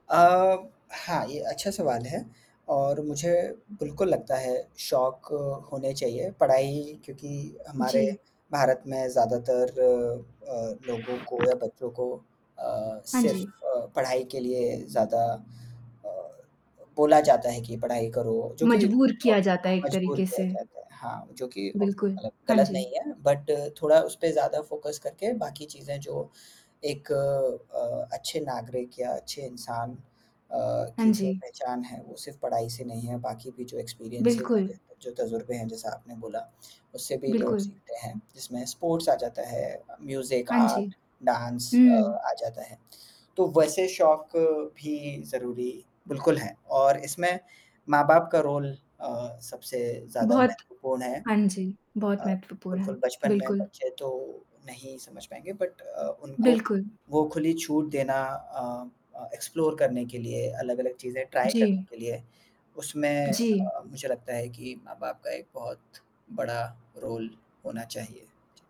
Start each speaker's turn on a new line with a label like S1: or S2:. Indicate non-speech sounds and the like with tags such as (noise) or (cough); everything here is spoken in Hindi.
S1: अ, हाँ ये अच्छा सवाल है और मुझे बिल्कुल लगता है शौक होने चाहिए, पढ़ाई क्योंकि हमारे
S2: जी।
S1: भारत में ज़्यादातर अ, लोगों को या बच्चों को अ,
S2: हाँ
S1: सिर्फ़
S2: जी।
S1: पढ़ाई के लिए ज़्यादा अ, बोला जाता है कि पढ़ाई करो जो कि
S2: मजबूर किया जाता है
S1: (unintelligible)
S2: एक
S1: मजबूर
S2: तरीक़े
S1: किया
S2: से।
S1: जाता है। हाँ, जो कि
S2: बिल्कुल।
S1: (unintelligible)
S2: हाँ
S1: ग़लत नहीं
S2: जी।
S1: है बट थोड़ा उस पे ज़्यादा फ़ोकस करके बाकी चीज़ें जो एक अ, अच्छे नागरिक या अच्छे इंसान अ, की
S2: हाँ
S1: जो
S2: जी।
S1: पहचान है वो सिर्फ़ पढ़ाई से नहीं है, बाकी भी जो एक्सपीरियंसेस हैं,
S2: बिल्कुल।
S1: जो तजुर्बे हैं, जैसा आपने बोला उससे भी लोग
S2: बिल्कुल।
S1: सीखते हैं, जिसमें स्पोर्ट्स आ जाता है, म्यूज़िक,
S2: हाँ जी।
S1: आर्ट, डाँस अ,
S2: हुँ।
S1: आ जाता है, तो वैसे शौक भी ज़रूरी बिल्कुल हैं और इसमें माँ-बाप का रोल अ, सबसे ज़्यादा
S2: बहुत
S1: महत्वपूर्ण है
S2: हाँ जी।
S1: अ,
S2: बहुत महत्वपूर्ण है।
S1: बिल्कुल बचपन में
S2: बिल्कुल।
S1: बच्चे तो नहीं समझ पाएँगे बट अ, उनको
S2: बिल्कुल।
S1: वो खुली छूट देना अ अ, एक्सप्लोर करने के लिए, अलग-अलग चीज़ें ट्राई करने
S2: जी।
S1: के लिए, उसमें
S2: जी।
S1: अ, मुझे लगता है कि माँ-बाप का एक बहुत बड़ा रोल होना चाहिए।